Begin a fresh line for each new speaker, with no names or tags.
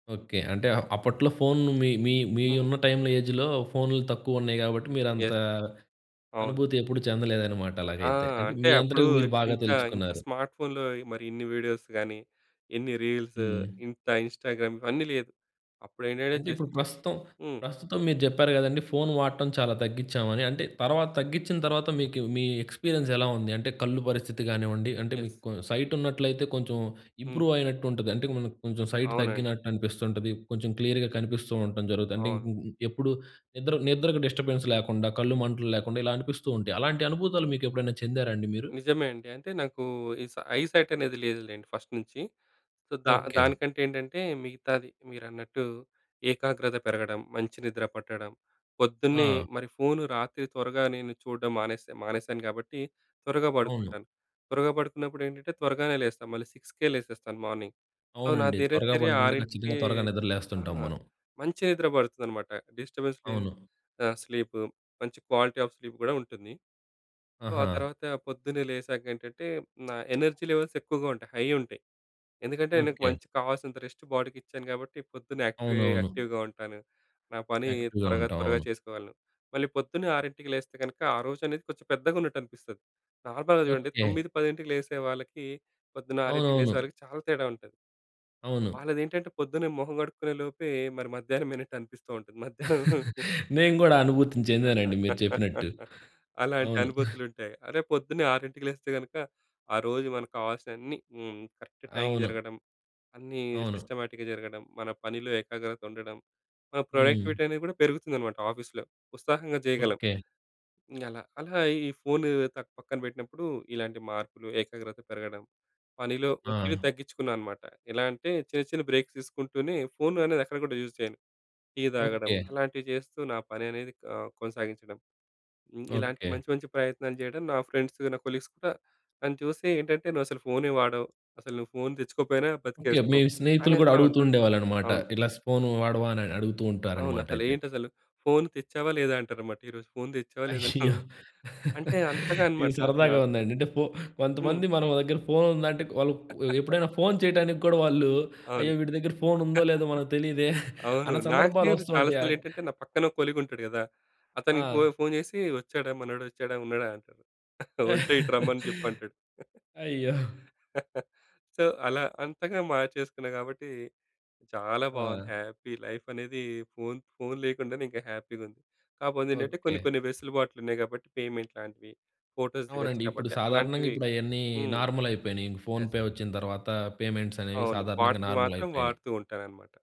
Okay. అంటే up అప్పట్లో phone మీ మీ మీ
హ్మ్.
ఉన్న టైమ్‌లో ఏజ్‌లో ఫోన్‌లు తక్కువున్నాయి కాబట్టి, మీరంత
యెస్ అవును.
అనుభూతి ఎప్పుడు చెందలేదనమాట
ఆ!
అలాగైతే. అంటే,
అంటే
మీ
అప్పుడు
అంతటికి మీరు బాగా
ఇంకా ఇంకా
తెలుసకున్నారు.
స్మార్ట్ ఫోన్‌లో మరిన్ని వీడియోస్ గాని, ఇన్ని రీల్స్
హ్మ్.
ఇంత ఇన్‌స్టాగ్రామ్ ఇవన్నీ లేదు. అప్పుడేంటంటే
అంటే ఇప్పుడు
జస్ట్
ప్రస్తుతం,
హ్మ్.
ప్రస్తుతం మీరు చెప్పారు కదండీ, ఫోన్ వాడటం చాలా తగ్గించామని. అంటే, తర్వాత తగ్గించిన తర్వాత మీకు మీ ఎక్స్‌పీరియన్స్ ఎలా ఉంది? అంటే కళ్ళు పరిస్థితి గానివ్వండి, అంటే
యెస్.
మీకు సైటున్నట్లయితే కొంచెం
హ్మ్.
ఇంప్రూవ్ అయినట్టు ఉంటది. అంటే, మనకు కొంచెం సైట్
అవునండి.
తగ్గినట్టనిపిస్తుంటది. కొంచెం క్లియర్‌గా కనిపిస్తూ ఉండటం జరుగుతది. అంటే
అవును.
ఇ ఇ ఎప్పుడు నిద్ర నిద్రకు డిస్టర్బెన్స్ లేకుండా, కళ్ళు మంటలు లేకుండా ఇలా అనిపిస్తూ ఉంటాయి. అలాంటి అనుభూతులు మీకెప్పుడైనా చెందారా అండి మీరు?
నిజమే అండి. అంటే నాకు ఈ సై ఐ సైట్ అనేది లేదులేండి ఫస్ట్ నుంచి. సో, దా
ఓకే.
దానికంటేంటంటే, మిగతాది మీరన్నట్టు ఏకాగ్రత పెరగడం, మంచి నిద్ర పట్టడం పొద్దున్నే
ఆ!
మరి ఫోను రాత్రి త్వరగా నేను చూడడం మానేసే మానేసాను కాబట్టి త్వరగా
అవును.
పడుకుంటాను. త్వరగా పడుకున్నప్పుడేంటంటే త్వరగానే లేస్తాను. మళ్ళీ సిక్స్‌కే లేసేస్తాను మార్నింగ్. సో, నా
అవునండి త్వరగా
దినచర్య
పడుకుంటే,
ఆరింటికే
ఖచ్చితంగా త్వరగా
ఆ!
నిద్రలేస్తుంటాం మనం.
మంచి నిద్ర పడుతుందనమాట. డిస్టర్బెన్స్ లేని
అవును.
ఆ! స్లీపు మంచి క్వాలిటీ ఆఫ్ స్లీప్ గూడా ఉంటుంది. సో, ఆ!
ఆహా!
తర్వాత పొద్దున్నే లేచాక ఏంటంటే, నా ఎనర్జీ లెవెల్స్ ఎక్కువగా ఉంటాయి. హై ఉంటాయి. ఎందుకంటే, నాకు
ఓకే.
మంచి కావాల్సినంత రెస్ట్ బాడీకిచ్చాను కాబట్టి పొద్దున్నే యాక్టివే
అవునవును.
యాక్టివ్‌గా ఉంటాను. నా పని
యాక్టివ్‌గా
త్వరగా,
ఉంటాం
త్వరగా
అవును.
చేసుకోవాలి. మళ్ళీ పొద్దున్నే 6కి లేస్తే, కనుక ఆ రోజనేది కొంచెం పెద్దగా ఉన్నట్టనిపిస్తది. నార్మల్‌గా చూడండి
ఓకే.
9, 10కి లేసే వాళ్ళకి, పొద్దున్న 6కి
అవునవును.
లేసేవాళ్లకి చాలా తేడా ఉంటది.
అవును.
వాళ్ళదేంటంటే పొద్దున్నే మొహం కడుక్కునే లోపే, మరి మధ్యాహ్నమైనట్టు అనిపిస్తూ ఉంటది. మధ్యాహ్నం
నేను కూడా అనుభూతి చెందానండి. మీరు చెప్పినట్టు.
అలాంటి
అవును.
అనుభూతులుంటాయి. అదే పొద్దున్నే ఆరింటికి లేస్తే, గనక ఆ రోజు మనకు కావాల్సినవన్నీ హ్మ్. కరెక్ట్ టైంకి
అవును.
జరగడం అన్నీ
అవును.
సిస్టమాటిక్‌గా జరగడం, మన పనిలో ఏకాగ్రత ఉండడం, మన
హ్మ్.
ప్రొడక్టివిటీ అనేది కూడా పెరుగుతుందనమాట ఆఫీస్‌లో. ఉత్సాహంగా చేయగలం.
ఓకే.
అలా, అలా ఈ ఫోను త పక్కన పెట్టినప్పుడు ఇలాంటి మార్పులు, ఏకాగ్రత పెరగడం పనిలో ఒత్తిడి
ఆ!
తగ్గించుకున్నా అనమాట. ఎలా అంటే చిన్న, చిన్న బ్రేక్స్ తీసుకుంటూనే, ఫోన్ అనేది ఎక్కడ కూడా యూజ్ చేయను. టీ తాగడం
ఓకే.
అలాంటివి చేస్తూ నా పననేది ఆహ్, కొనసాగించడం. హ్మ్. ఇలాంటి
ఓకే.
మంచి, మంచి ప్రయత్నాలు చేయడం నా ఫ్రెండ్సు, నా కొలీగ్స్ కూడా, నన్ను చూసి ఏంటంటే, "నువ్వసలు ఫోనే వాడవు. అసలు నువ్వు ఫోన్ తెచ్చుకోకపోయినా
ఓకే. మీ
బతికేస్తావు"
స్నేహితులు గూడా
అనేస్తా ఉంటారు.
అడుగుతుండేవాళ్ళన్నమాట.
అవును.
ఇలా స్పూను వాడవా, అని అడుగుతూ ఉంటారన్నమాటయితే.
అవునసలేంటసలు ఫోను తెచ్చావా? లేదా? అంటారన్నమాట. ఈరోజు ఫోన్ తెచ్చావా, లేదా
అయ్యో!
నువ్వు? అని అంటే, అంతగా
ఇది
అనమాట అసల
సరదాగా ఉందండి. అంటే ఫో
హ్మ్.
కొంతమంది మన దగ్గర ఫోన్ ఉందంటే, వాళ్ళు ఎప్పుడైనా ఫోన్ చేయటానికి కూడా వాళ్ళు
అవును.
అయ్యో! వీడి దగ్గర ఫోన్ ఉందో, లేదో మనకు తెలియదే!
అవును.
అన్న
నాకు కూడా
సందర్భాలొస్తు
చాలా
ఉంటాయి. యాడ్
సార్లేంటంటే, నా పక్కన కొలీగుంటాడు కదా! అతనికి ఫో
ఆ!
ఫోన్ చేసి, "వచ్చాడా? మనోడొచ్చాడా? ఉన్నాడా?" అంటాడు. "ఉంటే ఇటు రమ్మని" చెప్పంటాడు.
అయ్యో!
సో, అలా అంతగా మార్చేసుకున్నాం కాబట్టి చాలా బాగుంది.
ఆ!
హ్యాపీ, లైఫనేది ఫోన్ ఫోన్ లేకుండానే ఇంకా హ్యాపీగా ఉంది. కాకపోతే ఏంటంటే
ఓకే.
కొన్ని, కొన్ని వెసులుబాట్లు ఉన్నాయి కాబట్టి పేమెంట్ లాంటివి ఫోటోస్ దిగొచ్చు
అవునండి. ఇప్పుడు
కాబట్టి
సాధారణంగా
అలాంటివి
ఇప్పుడయన్నీ
హ్మ్.
నార్మలయిపోయినాయి. ఇంక
యెస్.
ఫోన్‌పే వచ్చిన తర్వాత, పేమెంట్స్ అనేవి
అవును
సాధారణంగా
వాటికి మాత్రం
నార్మలయిపోయినాయి.
వాడుతూ ఉంటానన్నమాట.